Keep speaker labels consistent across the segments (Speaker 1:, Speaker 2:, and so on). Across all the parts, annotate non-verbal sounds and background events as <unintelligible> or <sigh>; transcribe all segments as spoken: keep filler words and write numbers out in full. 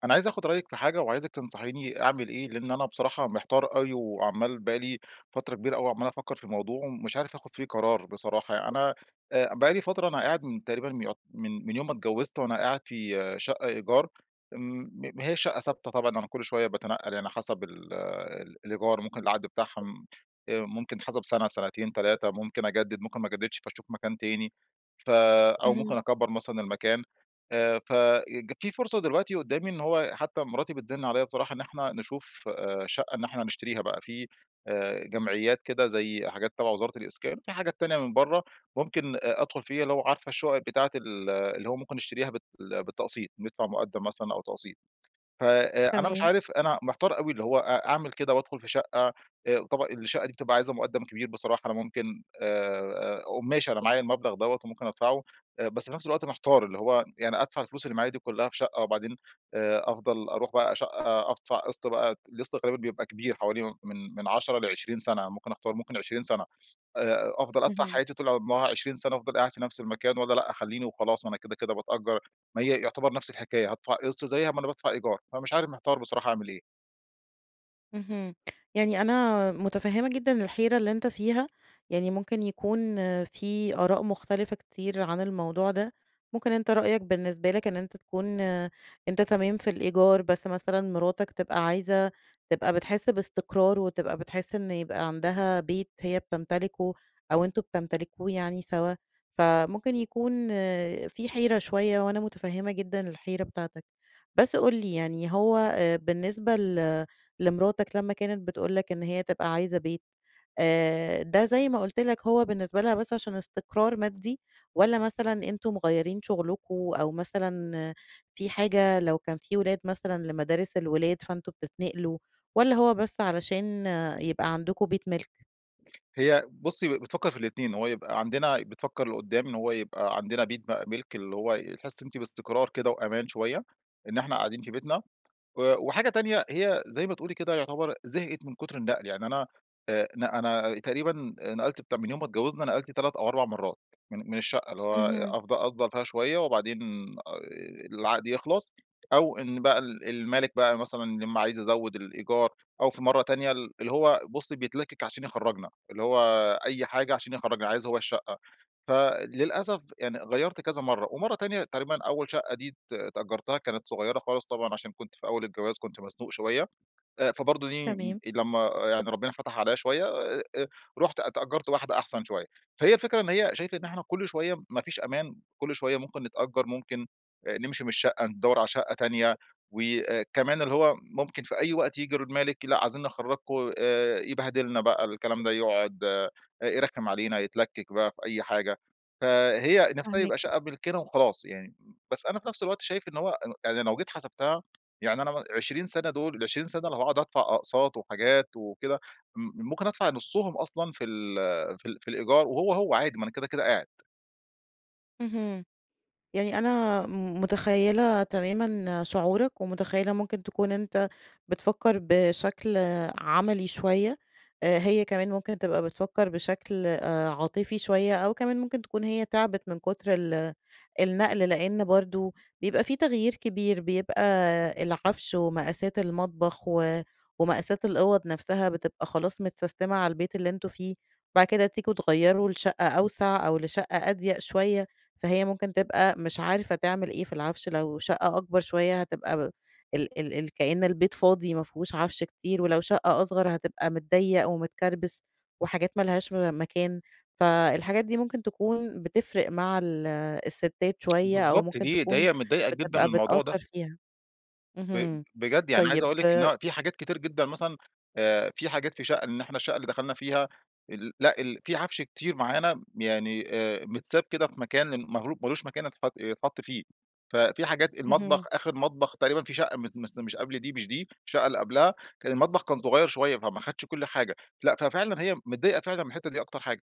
Speaker 1: أنا عايز آخد رأيك في حاجة، وعايزك تنصحيني أعمل إيه، لأن أنا بصراحة محتار أوي، وعمال بقى لي فترة كبيرة أوي عمال أفكر في الموضوع، ومش عارف آخد فيه قرار بصراحة. أنا آآ بقى لي فترة أنا قاعد من تقريبًا يعت من من يوم ما اتجوزت وأنا قاعد في شقة إيجار، امم، ما هياش شقة ثابتة طبعًا أنا كل شوية باتنقل يعني حسب ال الإيجار، ممكن العقد بتاعهم آآ ممكن يتحسب سنة، سنتين، تلاتة، ممكن أجدد، ممكن ما أجددش، فاشوف مكان تاني، فأو ممكن
Speaker 2: اهم.
Speaker 1: أكبر مثلًا المكان، آآ فج في فرصة دلوقتي قدامي إنه هو حتى مراتي بتزن عليَّ بصراحة، إن إحنا نشوف شقة إن إحنا نشتريها بقى، في جمعيات كده زي حاجات تبع وزارة الإسكان، في حاجات تانية من برّه ممكن أدخل فيها، اللي هو عارفة الشقق بتاعة ال اللي هو ممكن نشتريها بال بالتقسيط ندفع مقدم مثلًا أو تقسيط. فأنا مش
Speaker 2: تمام.
Speaker 1: عارف أنا محتار أوي اللي هو أ أعمل كده وأدخل في شقة؟ آآ طبعًا الشقة دي بتبقى عايزة مقدم كبير بصراحة، أنا ممكن، آآ، ماشي أنا معايا المبلغ دوَّة وممكن أدفعه، بس في نفس الوقت محتار، اللي هو يعني أدفع الفلوس اللي معايا دي كلها في شقة، وبعدين آآ أفضل أروح بقى شقة أدفع قسط بقى، القسط تقريبًا بيبقى كبير حوالي من من عشرة لعشرين سنة، ممكن أختار ممكن عشرين سنة، آآ أفضل أدفع
Speaker 2: اهم.
Speaker 1: حياتي طول عمرها عشرين سنة أفضل قاعد في نفس المكان، والَّا لأ أخليني وخلاص؟ أنا كده، كده باتأجر، ما هي يعتبر نفس الحكاية، هادفع قسط، زيها ما أنا بادفع إيجار، فََمش عارف محتار بصراحة أعمل إيه؟
Speaker 2: اهم، يعني أنا متفهمة جدًا الحيرة اللي أنتَ فيها، يعني ممكن يكون في آراء مختلفة كتير عن الموضوع ده، ممكن أنتَ رأيك بالنسبة لك إن أنتَ تكون آآ، أنتَ تمام في الإيجار بس مثلًا مراتك تبقى عايزة تبقى بتحس باستقرار، وتبقى بتحس إنّه يبقى عندها بيت هيّ بتمتلكه أو أنتم بتمتلكوه يعني سوا، فممكن يكون في حيرة شويّة، وأنا متفهمة جدًا الحيرة بتاعتك. بس قل لي يعني هو آآ بالنسبة ل لمراتك لمّا كانت بتقول لك إن هيّ تبقى عايزة بيت، آآ، ده- زي ما قلت لك- هو بالنسبة لها بس عشان استقرار مادي؟ والّا مثلًا أنتم مغيرين شغلكم أو مثلًا في حاجة لو كان في ولاد مثلًا، لمدارس الولاد فأنتم بتتنقلوا؟ والّا هو بس علشان يبقى عندكوا بيت مِلك؟
Speaker 1: هي بٌصّي، بتفكر في الاتنين، إن هو يبقى عندنا بتفكر لقدام إن هو يبقى عندنا بيت بقى مِلك، اللي هو يحس أنتِ باستقرار كده وأمان شويّة، إن إحنا قاعدين في بيتنا. و وحاجة تانية هي زي ما تقولي كده يعتبر زهقت من كتر النقل، يعني أنا آآ، ن أنا تقريبًا نقلت بتاع من يوم ما اتجوزنا، نقلت تلَّت أو أربع مرات من من الشقّة اللي هو
Speaker 2: اهم.
Speaker 1: أفض أفضل فيها شويّة وبعدين آآ، العقد يخلص، أو إن بقى ال المالك بقى مثلًا يا أمّا عايز يزود ال الإيجار، أو في مرّة تانية ال اللي هو بُصّي بيتلكك عشان يخرجنا، اللي هو أي حاجة عشان يخرجنا، عايز هو الشقّة. فللأسف يعني غيرت كذا مرّة، ومرّة تانية تقريبًا أوّل شقّة دي ت تأجرتها كانت صغيّرة خالص طبعًا، عشان كنت في أوّل الجواز كنت مزنوق شويّة، آآ فبرضو دي
Speaker 2: تمام.
Speaker 1: لمّا يعني ربنا فتح عليَّ شويّة أ أ رُحت اتأجرت واحدة أحسن شويّة، فهي الفكرة إن هيّ شايفة إن إحنا كل شويّة ما فيش أمان، كل شويّة ممكن نتأجر ممكن نمشي من الشقّة، ندور على شقّة تانية وأ كمان اللي هو ممكن في أي وقت يجي المالك لأ، عايزين نخرجكم، آآ، يبهدلنا بقى الكلام ده، يقعد آآ، يرخم علينا، يتلكك بقى في أي حاجة. فهي نفسها يبقى
Speaker 2: فاهماك.
Speaker 1: شقّة ملكنا وخلاص يعني، بس أنا في نفس الوقت شايف إن هو ان يعني لو جيت حسبتها يعني أنا م عشرين سنة دول العشرين سنة لو هاقعد أدفع أقساط وحاجات وكده، م ممكن أدفع نصهم أصلًا في ال في ال في الإيجار وهو، هو عادي ما أنا كده، كده قاعد.
Speaker 2: اهم، يعني أنا م متخيّلة تمامًا شعورَك ومتخيّلة ممكن تكون أنتَ بتفكر بشكل عملي شويّة. آآ، هيّ كمان ممكن تبقى بتفكر بشكل، آآ، عاطفي شويّة أو كمان ممكن تكون هيّ تعبت من كتر ال النقل، لأنّ برضو بيبقى في تغيير كبير. بيبقى العفش ومقاسات المطبخ و ومقاسات الأوض نفسها بتبقى خلاص متسستمة على البيت اللي أنتم فيه. بعد كده تيجوا تغيروا لشقة أوسع أو لشقة أضيق شويّة، فهي ممكن تبقى مش عارفة تعمل إيه في العفش. لو شقّة أكبر شويّة هتبقى ال ال كأن البيت فاضي ما فيهوش عفش كتير، ولو شقّة أصغر هتبقى متضيق ومتكربس، وحاجات ما لهاش و مكان. فالحاجات دي ممكن تكون بتفرق مع ال- الستات شويّة، أو
Speaker 1: بالضبط،
Speaker 2: ممكن
Speaker 1: دي ده
Speaker 2: تكون
Speaker 1: هي متضايقة جدًا من
Speaker 2: بتبقى
Speaker 1: الموضوع ده.
Speaker 2: بتأثر فيها.
Speaker 1: ب
Speaker 2: اهم،
Speaker 1: بجد، يعني عايز أقول
Speaker 2: طيّب
Speaker 1: لك، إن هو في حاجات كتير جدًا مثلًا، آآ، في حاجات في شقّة إن إحنا الشقّة اللي دخلنا فيها ال لأ، ال في عفش كتير معانا، ب يعني، آآ، متساب كده في مكان ماغلو مالوش مكان اتحط يتحط فيه. فَفي حاجات المطبخ
Speaker 2: اهم.
Speaker 1: آخر مطبخ تقريبًا في شقّة مس مس مش قبل دي، مش دي، الشقّة اللي قبلها، كان المطبخ كان صغيّر شويّة فما اخدش كل حاجة. لأ، ففعلاً هيّ متضايقة فعلًا من الحتّة دي أكتر حاجة.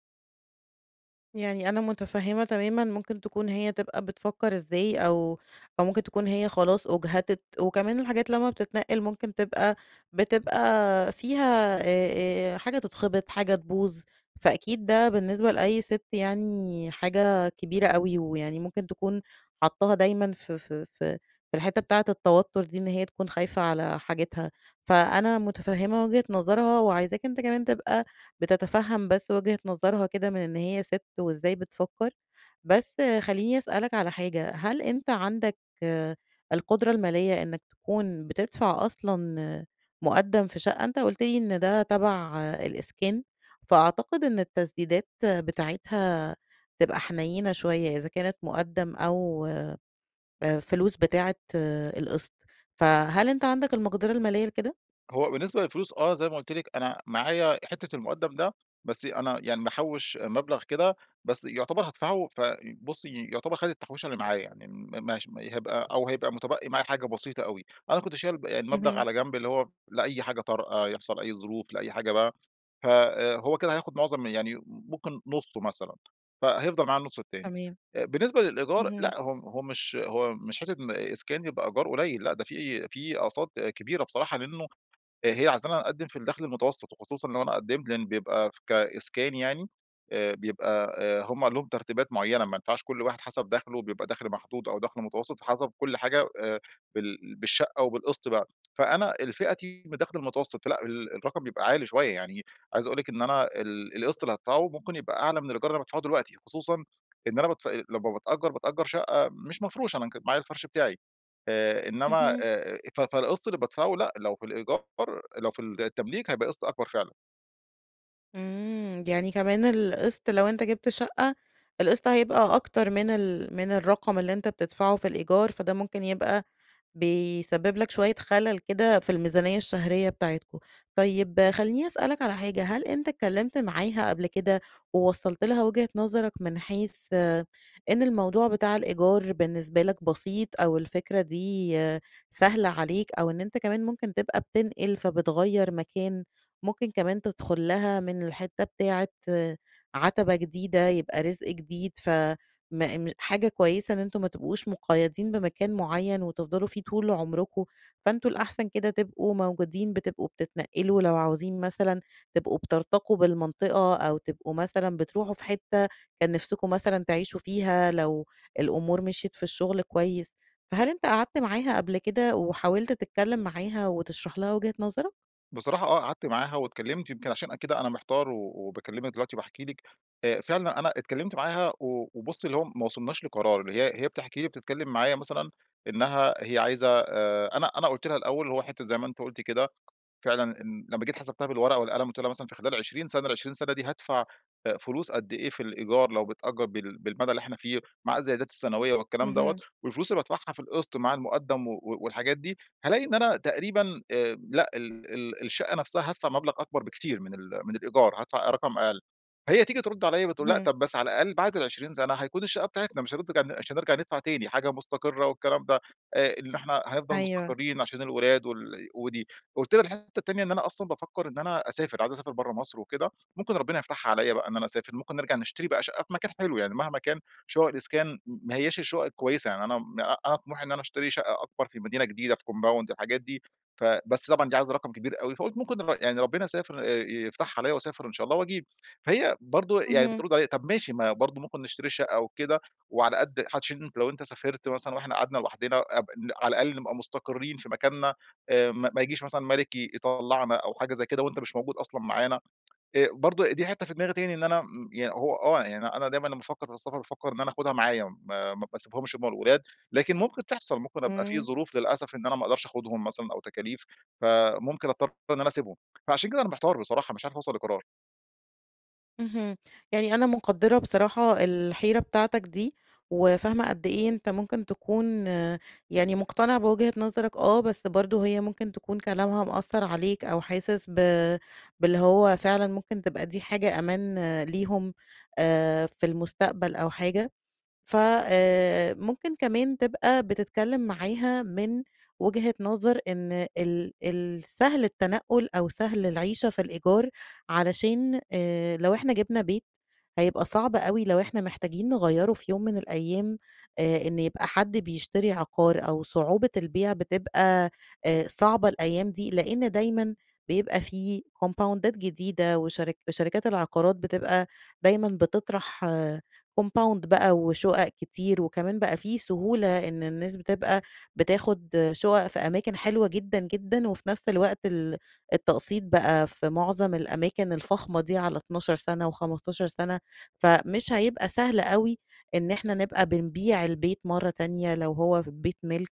Speaker 2: يعني أنا متفهمة تمامًا، ممكن تكون هي تبقى بتفكر إزاي أو أو ممكن تكون هي خلاص أُجهدت، وكمان الحاجات لمّا بتتنقل ممكن تبقى بتبقى فيها، آآ آآ حاجة تتخبط، حاجة تبوظ، فأكيد ده بالنسبة لأي سِت يعني حاجة كبيرة أوي، ويعني ممكن تكون حطاها دايمًا ف ف ف في الحتّة بتاعة التوتر دي، إن هي تكون خايفة على حاجتها. فأنا متفهمة وجهة نظرها وعايزاك أنتَ كمان تبقى بتتفهم بس وجهة نظرها كده من إن هي سِت وإزاي بتفكر. بس خلّيني أسألَك على حاجة، هل أنتَ عندَك القدرة المالية إنّك تكون بتدفع أصلًا مقدم في شقة، أنتَ قُلت لي إن ده تبع الإسكان، فأعتقد إن التسديدات بتاعتها تبقى حنينة شوية، إذا كانت مُقدم أو آآ، فلوس بتاعة القسط. فهل أنتَ عندَك المقدرة المالية لكده؟
Speaker 1: هو بالنسبة للفلوس آه، زي ما قُلت لِك، أنا معايا حتّة المقدم ده، بس أنا يعني محوش مبلغ كده، بس يعتبر هادفعه ف بصي يعتبر خد التحويشة اللي معايا، يعني م مش هيبقى أو هيبقى متبقي معايا حاجة بسيطة أوي. أنا كنت شايل يعني مبلغ
Speaker 2: اهم.
Speaker 1: على جنب اللي هو لأي حاجة طارئة، يحصل أي ظروف، لأي حاجة بقى. ف آآ هو كده هياخد معظم يعني م ممكن نصه مثلًا، فهيفضل معايا النص التاني.
Speaker 2: تمام.
Speaker 1: آآ بالنسبة للإيجار
Speaker 2: اهم.
Speaker 1: لأ، هو هو مش هو مش حتة إن إسكان يبقى إيجار قليل، لأ، ده في في أقساط كبيرة بصراحة، لأنّه هي عايزانا نقدم في الدخل المتوسط وخصوصًا لو أنا قدمت لأن بيبقى كإسكان يعني، آآ بيبقى آآ هم عندهم ترتيبات معيّنة، ما ينفعش كل واحد حسب دخله، بيبقى دخل محدود أو دخل متوسط، فحسب كل حاجة آآ، بال بالشقة أو بالقسط بقى. فأنا الفئتي من دخل المتوسط فلأ، ال الرقم بيبقى عالي شوية، يعني عايز أقول لِك إن أنا ال القسط اللي هادفعه ممكن يبقى أعلى من الإيجار اللي بادفعه دلوقتِ، خصوصًا إن أنا بادف لما بتأجر بتأجر شقّة مش مفروشة أنا ك معايا الفرش بتاعي، آآ، إنّما آآ،
Speaker 2: اهم.
Speaker 1: آآ، ف فالقسط اللي بادفعه لأ، لو في الإيجار لو في التمليك هيبقى قسط أكبر فعلًا.
Speaker 2: امم، يعني كمان القسط لو أنتَ جبت شقّة؛ القسط هيبقى أكتر من ال من الرقم اللي أنتَ بتدفعه في الإيجار فده ممكن يبقى بيسبب لك شويّة خلل كده في الميزانيّة الشهرية بتاعتكم. طيّب خلّيني أسألك على حاجة، هل أنتَ اتكلمت معاها قبل كده، ووصلت لها وجهة نظرك من حيث آآ، إن الموضوع بتاع الإيجار بالنسبة لك بسيط، أو الفكرة دي سهلة عليك؟ أو إن أنتَ كمان ممكن تبقى بتنقل، فبتغير مكان؟ ممكن كمان تدخل لها من الحتة بتاعة آآ، عتبة جديدة يبقى رزق جديد ف م م حاجة كويّسة إن أنتم ما تبقوش مقيدين بمكان معيّن وتفضلوا فيه طول عمركم. فأنتم الأحسن كده تبقوا موجودين بتبقوا بتتنقلوا، لو عاوزين مثلًا تبقوا بترتقوا بالمنطقة أو تبقوا مثلًا بتروحوا في حتّة كان نفسكم مثلًا تعيشوا فيها لو الأمور مشيت في الشغل كويّس. فهل أنتَ قعدت معاها قبل كده، وحاولت تتكلّم معاها وتشرح لها وجهة نظرَك؟
Speaker 1: بصراحة آه، قعدت معاها واتكلمت يمكن عشان كده أنا محتار و وباكلّمك دلوقتي باحكي لك، آآ فعلًا أنا اتكلّمت معاها و وبُصّي اللي هو ما وصلناش لقرار، اللي هي هي بتحكي لي بتتكلّم معايا مثلًا إنّها هي عايزة آآ، أنا أنا قُلت لها الأوّل، اللي هو حتة- زي ما أنتِ قلتِ كده- فعلًا إن لمّا جيت حسبتها بالورقة والقلم قلت لها مثلًا في خلال عشرين سنة، العشرين سنة دي، هادفع فلوس قد إيه في الإيجار لو بتأجر بال بالمدى اللي إحنا فيه، مع الزيادات السنويّة والكلام دَوَّة،
Speaker 2: اهم.
Speaker 1: والفلوس اللي بادفعها في القسط مع المقدم و والحاجات دي، هالاقي إن أنا تقريبًا آآ لأ، ال ال الشقّة نفسها هادفع مبلغ أكبر بكتير من ال من الإيجار، هادفع رقم أقل. هي تيجي ترد عليَّ بتقول: "لأ،
Speaker 2: اهم.
Speaker 1: طب بس على الأقل بعد العشرين سنة هيكون الشقّة بتاعتنا، مش. <unintelligible> مش هنِرجع ندفع تاني، حاجة مستقرة والكلام ده، آآ إن إحنا هنفضل
Speaker 2: أيوه.
Speaker 1: مستقرين عشان الولاد وال ودي." قُلت لها الحتة التانية، إن أنا أصلًا بافكّر إن أنا أسافر، عايز أسافر برّه مصر وكده، ممكن ربنا يفتحها عليَّ بقى إن أنا أسافر، ممكن نرجع نشتري بقى شقة في مكان حلو يعني، مهما كان شقق الإسكان ما هياش الشقق الكويّسة، يعني أنا أ أنا طموحي إن أنا أشتري شقّة أكبر في مدينة جديدة، في compound، الحاجات دي. فَ بس طبعًا دي عايزة رقم كبير أوي، فقلت ممكن نغي يعني ربنا سافر آآ يفتحها عليَّ واسافر- إن شاء الله– وأجيب. هي برضو يعني
Speaker 2: اهم.
Speaker 1: بترد عليَّ: "طب ماشي ما برضو ممكن نشتري شقّة و كده، وعلى قد، <unintelligible> لو أنتَ سافرت مثلًا وإحنا قعدنا لوحدنا ابق على الأقل نبقى مستقرين في مكاننا، آآ ما ما ييجيش مثلًا مالك ي يطلعنا أو حاجة زي كده وأنتَ مش موجود أصلًا معانا." آآ برضو دي حتّة في دماغي تاني إن أنا، امم، يا هو آه يعني، أنا دايمًا لمّا افكّر في السفر بافكّر إن أنا أخدها معايا، ما ما باسيبهمش همَّ والولاد، لكن ممكن تحصل، ممكن أبقى في
Speaker 2: امم.
Speaker 1: ظروف للأسف إن أنا ما أقدرش أخدهم مثلًا، أو تكاليف، فممكن أضطر إن أنا أسيبهم. فعشان كده أنا محتار بصراحة، مش عارف أوصل لقرار.
Speaker 2: اهم. يعني أنا مقدرة بصراحة الحيرة بتاعتك دي، وَفاهمة قد إيه أنتَ ممكن تكون آآ، يعني مقتنع بوجهة نظرك آه، بس برضو هيّ ممكن تكون كلامها مأثر عليك أو حاسس بَ باللي هو فعلًا ممكن تبقى دي حاجة أمان آآ ليهم، آآ في المستقبل أو حاجة فَ آآ، ممكن كمان تبقى بتتكلّم معاها من وجهة نظر إن ال ال سهل التنقل أو سهل العيشة في الإيجار، علشان آآ، لو إحنا جبنا بيت، هيبقى صعب أوي لو إحنا محتاجين نغيّره في يوم من الأيّام آآ إنّ يبقى حد بيشتري عقار أو صعوبة البيع بتبقى آآ صعبة الأيّام دي لأن دايمًا بيبقى في كومباوندات جديدة وشرك وشركات العقارات بتبقى دايمًا بتطرح آآ، كومباوند بقى وشقق كتير وكمان بقى فيه سهولة إن الناس بتبقى بتاخد آآ شقق في أماكن حلوة جدًا، جدًا وفي نفس الوقت ال التقسيط بقى في معظم الأماكن الفخمة دي على اتناشر سنة وخمستاشر سنة، فَمش هيبقى سهل أوي إن إحنا نبقى بنبيع البيت مرّة تانية لو هو ف بيت مِلك.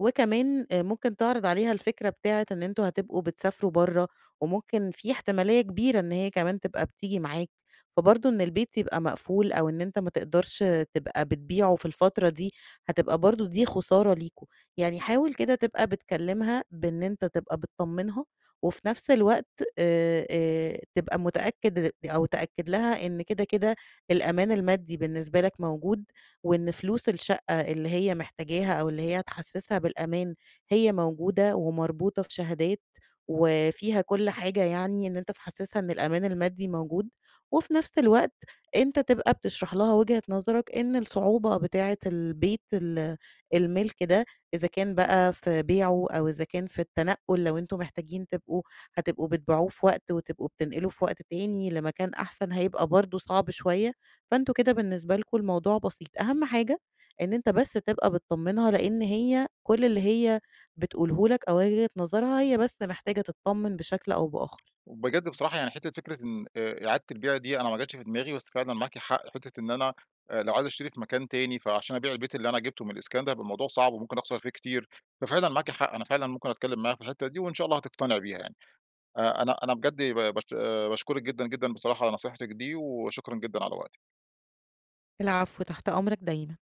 Speaker 2: وكمان آآ ممكن تعرض عليها الفكرة بتاعة إن أنتم هتبقوا بتسافروا برّه وممكن في احتمالية كبيرة إن هيّ كمان تبقى بتيجي معاك، فبرضو إن البيت يبقى مقفول أو إن أنتَ ما تقدرش آآ تبقى بتبيعه في الفترة دي، هتبقى برضو دي خسارة ليكم. يعني حاول كده تبقى بتكلمها بإن أنتَ تبقى بتطمنها وفي نفس الوقت، آآ، آآ تبقى متأكّد أو تأكد لها إن كده، كده الأمان المادي بالنسبة لك موجود، وإن فلوس الشقّة اللي هيّ محتاجاها أو اللي هيّ هتحسسها بالأمان هيّ موجودة ومربوطة في شهادات وفيها كل حاجة يعني إن أنتَ تحسسها إن الأمان المادي موجود. وفي نفس الوقت، أنتَ تبقى بتشرح لها وجهة نظرك إن الصعوبة بتاعة البيت ال المِلْك ده إذا كان بقى في بيعه أو إذا كان في التنقل لو أنتم محتاجين تبقوا هتبقوا بتبيعوه في وقت وتبقوا بتنقلوا في وقت تاني لمكان أحسن هيبقى برضو صعب شويّة، فأنتم كده بالنسبة لكم الموضوع بسيط. أهم حاجة؛ إن أنتَ بس تبقى بتطمنها لأن هيّ كل اللي هيّ بتقوله لك أو وجهة نظرها هيّ بس محتاجة تطمن بشكل أو بآخر.
Speaker 1: وبجد بصراحة يعني حتة فكرة إن آآ إعادة البيع دي أنا ما جتش في دماغي بس فعلًا معاكِ حق فكرة إن أنا، آآ لو عايز أشتري في مكان تاني فعشان أبيع البيت اللي أنا جبته من الإسكان ده هيبقى الموضوع صعب وممكن أخسر فيه كتير. فَفعلًا معاكِ حق، أنا فعلًا ممكن أتكلّم معاها في الحتّة دي وإن شاء الله هتقتنع بيها يعني. آآ أنا أنا بجد با باش باشكرك جدًا، جدًا بصراحة على نصيحتك دي وشكرًا جدًا على وقتِك.
Speaker 2: العفو، تحت أمرك دايمًا.